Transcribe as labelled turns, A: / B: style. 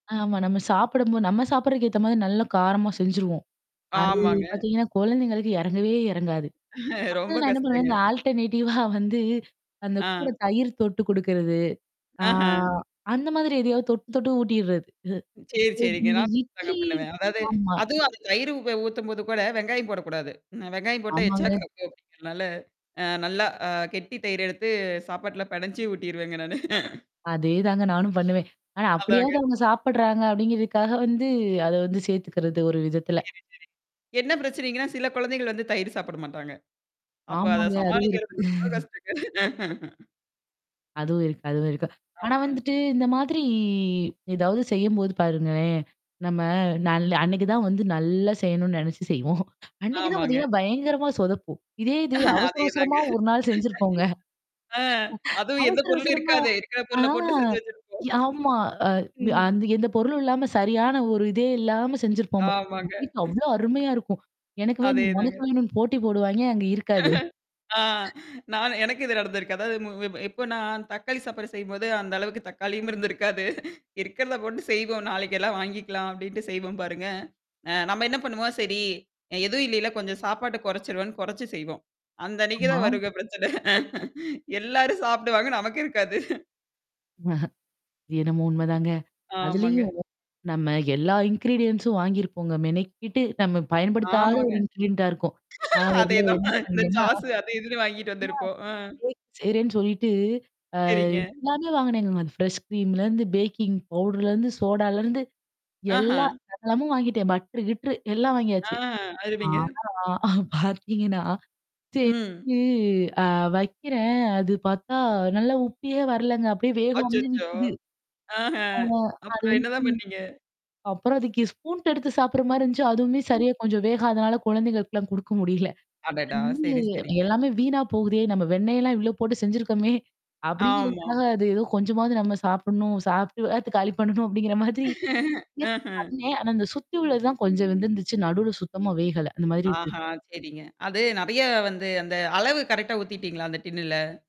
A: ஆமா. நம்ம சாப்புடும்போது நம்ம சாப்புடுறதுக்கு ஏத்த மாரி நல்ல காரமா செஞ்சுருவோம். அது
B: ஆமாங்க.
A: பார்த்தீங்கன்னா, குழந்தைங்களுக்கு இறங்கவே இறங்காது.
B: ரொம்ப
A: அப்பலாம் நான் என்ன பண்ணுவேன்.
B: கஷ்டங்க.
A: இந்த ஆல்டர்னேட்டிவா வந்து, அந்த கூட
B: ஆ.
A: தயிறு தொட்டு குடுக்கிறது. ஆ
B: அஹ.
A: அந்த மாரி எதையாவது தொட்டு தொட்டு ஊட்டிட்றது.
B: சேரி,
A: [unintelligible]
B: சேரிங்க.
A: இந்த
B: நான் கூட அப்டிதாங்க
A: இட்லி
B: பண்ணுவேன். அதாவது
A: ஆமா.
B: அதுவும் அந்த தயிர உ ஊத்தும்போது கூட வெங்காயம் போடக்கூடாது. வெங்காயம் போட்டா எச்சா
A: ஆமாங்க.
B: கக்கியும் அப்டிங்கிறதுனால, அ, நல்லா ஆ, கெட்டி தயிர எடுத்து சாப்பாட்டுல பெணஞ்சி ஊட்டிருவேங்க நானு.
A: அதேதாங்க நானும் பண்ணுவேன். ஆனா
B: அதாங்க.
A: அப்படியாவது அவங்க சாப்படுறாங்க அப்டிங்கிறதுக்காக வந்து, அத வந்து சேர்த்துக்கிறது ஒரு விதத்தல.
B: சரி, சரிங்க. என்ன பிரச்சனைங்கன்னா, சில குழந்தைகள் வந்து தயிரு சாப்பிட மாட்டாங்க. அப்ப அத
A: ஆமாங்க. அதுவும் இருக்கு.
B: சமாளிக்கிறதுக்கு ரொம்ப கஷ்டங்க.
A: அதுவும் இருக்கு, அதுவும் இருக்கு. ஆனா,
B: ஆஹ.
A: வந்துட்டு இந்த மாதிரி ஏதாவது செய்யும்போது பாருங்களேன், நம்ம நல்ல அன்னைக்கு தான் வந்து நல்லா செய்யணும்னு நெனச்சு செய்வோம். அன்னைக்கு தான்
B: ஆமாங்க.
A: பார்த்தீங்கன்னா, பயங்கரமா சொதப்பும். இதே இது அவசர
B: அதேதாங்க.
A: அவசரமா 1 நாள் செஞ்சிருப்போங்க.
B: ஆ, அதுவும் எந்த
A: அவசர
B: பொருளும்
A: அவசரமா
B: இருக்காதே. இருக்கிற
A: ஆ.
B: பொருள போட்டு செஞ்சு வச்சிருப்போம்.
A: ஆமா. அ
B: ம்.
A: அந்த எந்த பொருளும் இல்லாம சரியான ஒரு இதே இல்லாம செஞ்சிருப்போம்ங்க நம்ம
B: ஆமாங்க.
A: வீட்ல அவ்ளோ அருமையா இருக்கும். எனக்கு வேணும், உனக்கு
B: அதேதாங்க.
A: வேணும்னு போட்டி போடுவாங்க அங்க இருக்காது.
B: ஆ, நான் எனக்கு இது நடந்திருக்கு. அதாவது மு இப்போ நான் தக்காளி சாப்பாடு செய்யும்போது அந்த அளவுக்கு தக்காளியும் இருந்திருக்காது. "இருக்கிறத போட்டு செய்வோம் நாளைக்கெல்லாம் வாங்கிக்கலாம்." அப்டின்ட்டு செய்வோம் பாருங்க. அ நம்ம என்ன பண்ணுவோம் சரி எதுவும் இல்லைல்ல கொஞ்சம் சாப்பாட்ட குறைச்சுருவோன்னு குறைச்சு செய்வோம். அந்த அன்னைக்கு
A: ஆமா.
B: தான் வருங்க பிரச்சனை. எல்லாரும் சாப்டுவாங்க. நமக்கு இருக்காது.
A: அஹ. இதுவும் உண்மதாங்க.
B: ஆமாங்க.
A: அதுலயும் நம்ம எல்லா இன்கிரீடியன்ஸும் வாங்கிருப்போங்க. மெனக்கிட்டு நம்ம பயன்படுத்தாத
B: ஆமாங்க.
A: ஒரு இன்கிரியன்ட்டா இருக்கும். அ, நான் ஒரு தடவ
B: அதேதான்.
A: என்ன
B: இந்த
A: பண்ணேன்னா?
B: சாஸ்ஸு அது இதுன்னு வாங்கிட்டு
A: ஆ.
B: வந்திருப்போம். அ.
A: கேக் செய்றேன்னு சொல்லிட்டு, அ
B: சரிங்க.
A: எல்லாமே வாங்குனேங்க. அந்த ஃப்ரெஷ் ஸ்க்ரீம்லேருந்து பேக்கிங் பவுடர்லிருந்து சோடாலேருந்து
B: அஹ.
A: எல்லாம் சகலமும் வாங்கிட்டேன் பட்டரு கிட்டரு எல்லாம்
B: ஆ.
A: வாங்கியாச்சு.
B: அருமைங்க.
A: ஆனா பார்த்தீங்கன்னா,
B: ம்.
A: செஞ்சி ஆ, வெக்கிறேன். அது பார்த்தா, நல்லா உப்பியே வரலங்க. அப்படியே வேகாமலே
B: அச்சச்சோ!
A: நிக்குது.
B: ஆஹ.
A: ஆமா. அது
B: அப்புறம்
A: வந்து
B: என்னதான் பண்ணீங்க?
A: அப்புறம் அதுக்கு ஸ்பூன் எடுத்து சாப்டுற மாரி இருந்துச்சு, அதுவுமே சரியா கொஞ்சம் வேகாதனால குழந்தைகளுக்கெல்லாம் குடுக்க முடியல. அது
B: அடடா!
A: வந்து
B: சரி, சரிங்க.
A: எல்லாமே வீணா போகுதே! நம்ம வெண்ணெயெல்லாம் இவ்ளோ போட்டு செஞ்சுருக்கோமே.
B: ஆமா.
A: அப்டிங்கிறதுக்காக அது ஏதோ கொஞ்சமாவது நம்ம சாப்பிடணும். சாப்புட்ட வேகத்த காலி பண்ணணும் அப்டிங்கிற மாதிரி முயற்சி
B: அஹ.
A: பண்ணேன். ஆனா, இந்த சுத்தி உள்ளது தான் கொஞ்சம் வெந்துருந்துச்சு. நடுவுல சுத்தமா வேகல. அந்த மாரி
B: ஆஹ.
A: இருந்தது.
B: சரிங்க. அது நெறைய வந்து, அந்த அளவு கரெக்ட்டா ஊத்திட்டீங்களா அந்த டின்னுல?